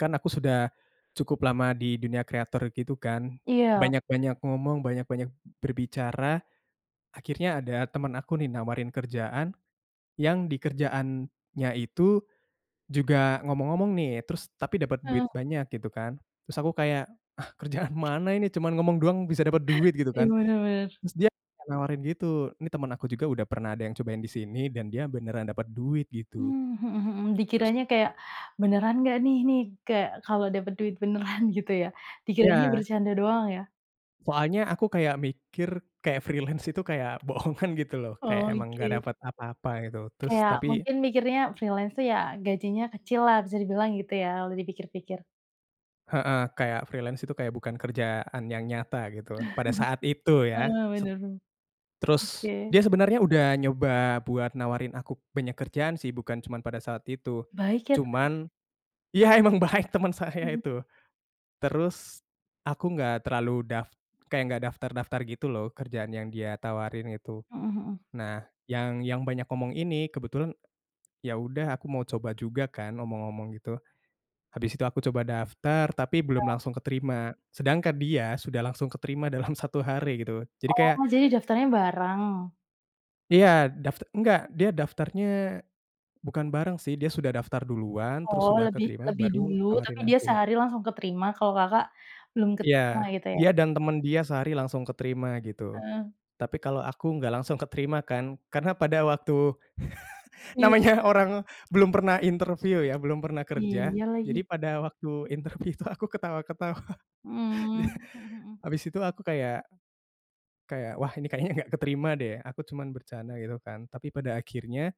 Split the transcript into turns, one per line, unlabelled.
Kan aku sudah, cukup lama di dunia creator gitu kan
Iya.
banyak-banyak ngomong, banyak-banyak berbicara, akhirnya ada temen aku nih nawarin kerjaan, yang di kerjaannya itu, juga ngomong-ngomong nih terus tapi dapet
Mhm.
duit banyak gitu kan. Terus aku kayak, "Ah, kerjaan mana ini cuman ngomong doang bisa dapet duit," gitu
Ih,
kan.
bener bener.
Terus dia nawarin gitu ini temen aku juga udah pernah ada yang cobain di sini dan dia beneran dapet duit gitu.
Mmm, mhm mhm,
Terus
dikiranya kayak, beneran gak nih nih kayak kalau dapet duit beneran gitu ya? Dikiranya
Ya.
bercanda doang ya?
Soalnya aku kayak mikir kayak freelance itu kayak boongan gitu loh kayak emang gak
Oke.
dapet apa-apa gitu. Terus
Kayak
tapi
mungkin mikirnya freelance tuh ya gajinya kecil lah bisa dibilang gitu ya kalo di pikir-pikir.
Heeh, kayak freelance itu kayak bukan kerjaan yang nyata gitu pada saat itu ya
Heeh,
se
bener,
terus
oke.
dia sebenarnya udah nyoba buat nawarin aku banyak kerjaan sih bukan cuman pada saat itu.
Baik ya temannya.
Cuman iya, emang baik temen saya
Mhm.
itu, terus, aku gak terlalu daf kaya gak daftar-daftar gitu loh kerjaan yang dia tawarin itu.
Mhm mhm.
Nah, yang yang banyak ngomong ini kebetulan, ya udah aku mau coba juga kan ngomong-ngomong gitu. Habis itu aku coba daftar tapi belum
Ya.
langsung keterima. Sedangkan dia sudah langsung keterima dalam 1 hari gitu. Jadi kayak
Oh, jadi daftarnya bareng?
Iya, dafta nggak, dia daftarnya, bukan bareng sih dia sudah daftar duluan terus
Oh,
sudah
lebih
keterima
lebih
baru
dulu tapi
nawarin
dia
aku.
sehari langsung keterima kalau Kakak, belum keterima
Ya,
gitu ya?
dia dan temen dia sehari langsung keterima gitu.
Heeh.
Tapi kalau aku enggak langsung keterima kan karena pada waktu
Iya.
namanya orang belum pernah interview ya belum pernah kerja,
Iya
jadi
lagi.
pada waktu interview itu aku ketawa-ketawa.
Mmm, mhm mhm.
Habis itu aku kayak kayak, wah, ini kayaknya gak keterima deh aku cuman bercanda gitu kan. Tapi pada akhirnya